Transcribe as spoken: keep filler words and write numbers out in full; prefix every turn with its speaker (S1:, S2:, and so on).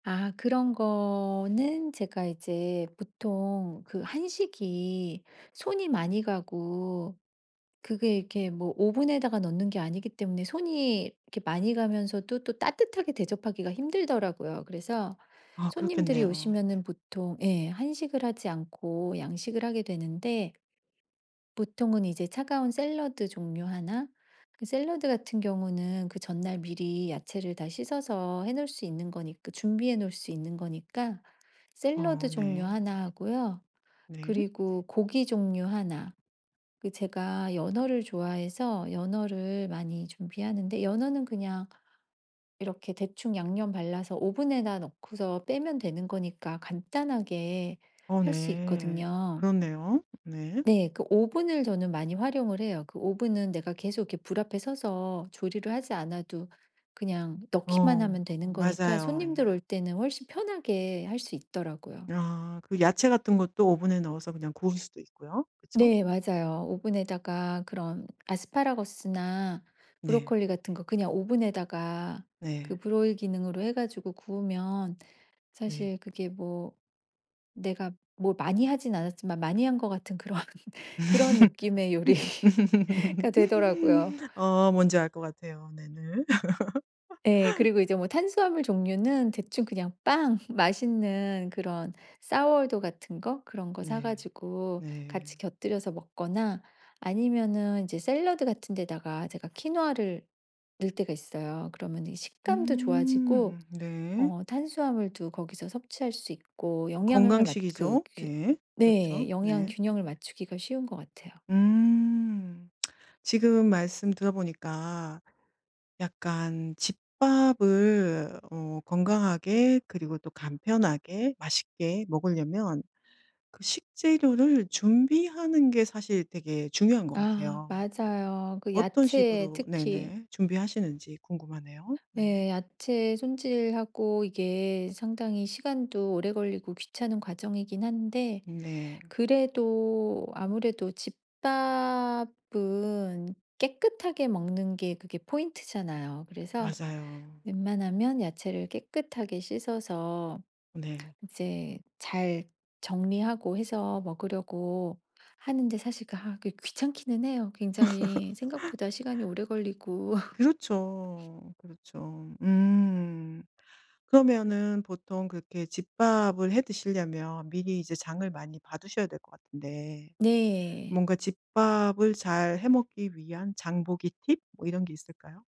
S1: 아 그런 거는 제가 이제 보통 그 한식이 손이 많이 가고 그게 이렇게 뭐 오븐에다가 넣는 게 아니기 때문에 손이 이렇게 많이 가면서도 또 따뜻하게 대접하기가 힘들더라고요. 그래서
S2: 아
S1: 손님들이
S2: 그렇겠네요.
S1: 오시면은 보통 예. 한식을 하지 않고 양식을 하게 되는데 보통은 이제 차가운 샐러드 종류 하나 그 샐러드 같은 경우는 그 전날 미리 야채를 다 씻어서 해 놓을 수 있는 거니 그 준비해 놓을 수 있는 거니까
S2: 아
S1: 샐러드 종류
S2: 네.
S1: 하나 하고요.
S2: 네.
S1: 그리고 고기 종류 하나. 그 제가 연어를 좋아해서 연어를 많이 준비하는데 연어는 그냥 이렇게 대충 양념 발라서 오븐에다 넣고서 빼면 되는 거니까 간단하게
S2: 어
S1: 할 수
S2: 네.
S1: 있거든요.
S2: 그렇네요. 네.
S1: 네. 그 오븐을 저는 많이 활용을 해요. 그 오븐은 내가 계속 이렇게 불 앞에 서서 조리를 하지 않아도 그냥 넣기만
S2: 어
S1: 하면 되는 거니까
S2: 맞아요.
S1: 손님들 올 때는 훨씬 편하게 할 수 있더라고요.
S2: 아 그 야채 같은 것도 오븐에 넣어서 그냥 구울 수도 있고요. 그쵸?
S1: 네. 맞아요. 오븐에다가 그런 아스파라거스나
S2: 네.
S1: 브로콜리 같은 거 그냥 오븐에다가 그
S2: 네.
S1: Broil 기능으로 해가지고 구우면
S2: 네.
S1: 사실 그게 뭐 내가 뭐 많이 하지 않았지만 많이 한 것 같은 그런 그런 느낌의 요리가 되더라고요.
S2: 어 뭔지 알 것 같아요. 네네.
S1: 예. 그리고 이제 뭐 탄수화물 종류는 대충 그냥 빵. 맛있는 그런 Sour dough 같은 거 그런 거
S2: 네.
S1: 사가지고 같이
S2: 네.
S1: 곁들여서 먹거나 아니면은 이제 샐러드 같은 데다가 제가 퀴노아를 넣을 때가 있어요. 그러면 이 식감도 좋아지고
S2: 음 네.
S1: 어 탄수화물도 거기서 섭취할 수 있고 영양을 맞 그
S2: 건강식이죠.
S1: 규
S2: 네. 그렇죠.
S1: 네. 영양
S2: 네.
S1: 균형을 맞추기가 쉬운 것 같아요.
S2: 음 지금 말씀 들어보니까 약간 집밥을 어 건강하게 그리고 또 간편하게 맛있게 먹으려면 그 식재료를 준비하는 게 사실 되게 중요한 것
S1: 아
S2: 같아요.
S1: 맞아요. 그
S2: 어떤
S1: 야채
S2: 식으로
S1: 특히
S2: 네네. 준비하시는지 궁금하네요. 네.
S1: 네. 야채 손질하고 이게 상당히 시간도 오래 걸리고 귀찮은 과정이기는 한데
S2: 네.
S1: 그래도 아무래도 집밥은 깨끗하게 먹는 게 그게 포인트잖아요. 그래서
S2: 맞아요.
S1: 웬만하면 야채를 깨끗하게 씻어서
S2: 네.
S1: 이제 잘 정리하고 해서 먹으려고 하는데 사실 그 아 그게 귀찮기는 해요. 굉장히 생각보다 시간이 오래 걸리고.
S2: 그렇죠. 그렇죠. 음. 그러면은 보통 그렇게 집밥을 해 드시려면 미리 이제 장을 많이 봐두셔야 될 것 같은데
S1: 네.
S2: 뭔가 집밥을 잘해 먹기 위한 장보기 팁? 뭐 이런 게 있을까요?